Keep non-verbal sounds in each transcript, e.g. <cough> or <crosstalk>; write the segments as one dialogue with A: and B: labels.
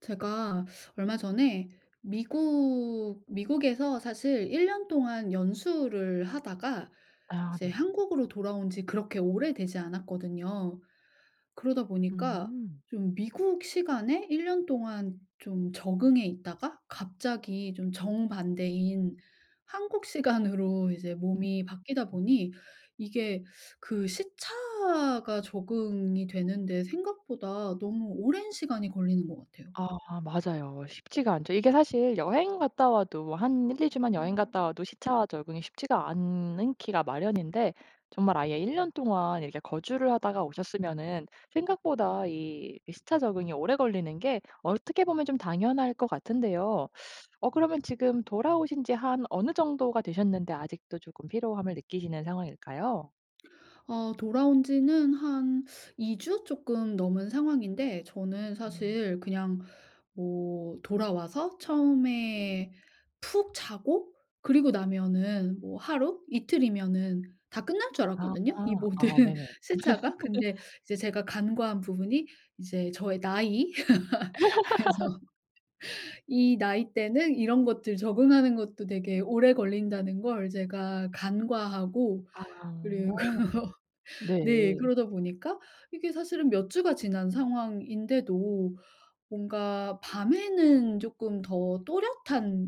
A: 제가 얼마 전에 미국 미국에서 사실 1 년 동안 연수를 하다가
B: 아
A: 이제
B: 네.
A: 한국으로 돌아온 지 그렇게 오래되지 않았거든요. 그러다 보니까
B: 음.
A: 좀 미국 시간에 1 년 동안 좀 적응해 있다가 갑자기 좀 정반대인 한국 시간으로 이제
B: 음
A: 몸이 바뀌다
B: 음.
A: 보니 이게 그 시차가 적응이 되는데 생각보다 너무 오랜 시간이 걸리는 것 같아요.
B: 아 맞아요. 쉽지가 않죠. 이게 사실 여행 갔다 와도 한 1-2 주만 여행 갔다 와도 시차와 적응이 쉽지가 않기가 마련인데 정말 아예 1 년 동안 이렇게 거주를 하다가 오셨으면은 생각보다 이, 이 시차 적응이 오래 걸리는 게 어떻게 보면 좀 당연할 것 같은데요. 어 그러면 지금 돌아오신 지 한 어느 정도가 되셨는데 아직도 쪼끔 피로함을 느끼시는 상황일까요?
A: 아 돌아온 지는 한 2 주 쪼끔 넘은 상황인데 저는
B: 음.
A: 사실 그냥 뭐 돌아와서 처음에 푹 자고 그리고 나면은 뭐 하루, 이틀이면은 다 끝날 줄
B: 아.
A: 알았거든요 이 모든
B: 아 네네.
A: 시차가. 근데
B: <laughs>
A: 이제 제가 간과한 부분이 이제 저의 나이. <laughs> 그래서
B: <laughs>
A: 이 나이대는 이런 것들 적응하는 것도 되게 오래 걸린다는 걸 제가 간과하고
B: 아.
A: 그리고 네
B: 네.
A: 그러다 보니까 이게 사실은 몇 주가 지난 상황인데도 뭔가 밤에는 쪼끔 더 또렷한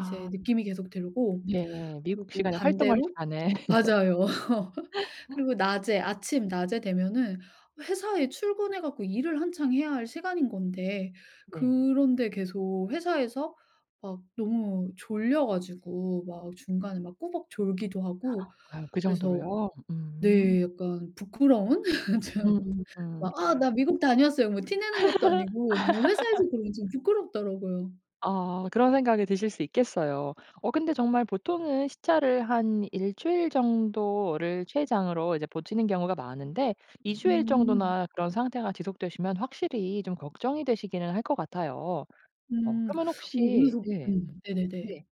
A: 이제 느낌이 계속 들고
B: 네 미국
A: 그리고
B: 시간에 활동할
A: 반대로
B: 시간에
A: 맞아요. <laughs>
B: <laughs>
A: 그리고 낮에 아침 낮에 되면은 회사에 출근해 갖고 일을 한창 해야 할 시간인 건데
B: 네.
A: 그런데 계속 회사에서 막 너무 졸려 가지고 막 중간에 막 꾸벅 졸기도 하고
B: 아유 그
A: 그래서
B: 정도로요? 음.
A: 네 약간 부끄러운 <laughs> 좀
B: 음 음.
A: 막 "아 나 미국 다녀왔어요." 뭐 티 내는 것도 아니고 너무 회사에서 그러면 좀
B: <laughs>
A: 부끄럽더라고요.
B: 아 그런 생각이 드실 수 있겠어요. 어 근데 정말 보통은 시차를 한 1 주일 정도를 최장으로 이제 버티는 경우가 많은데 2 주일
A: 음.
B: 정도나 그런 상태가 지속되시면 확실히 좀 걱정이 되시기는 할 것 같아요. 어
A: 음.
B: 그러면
A: 오
B: 혹시
A: 그래서
B: 네.
A: 음. 네네네.
B: 네.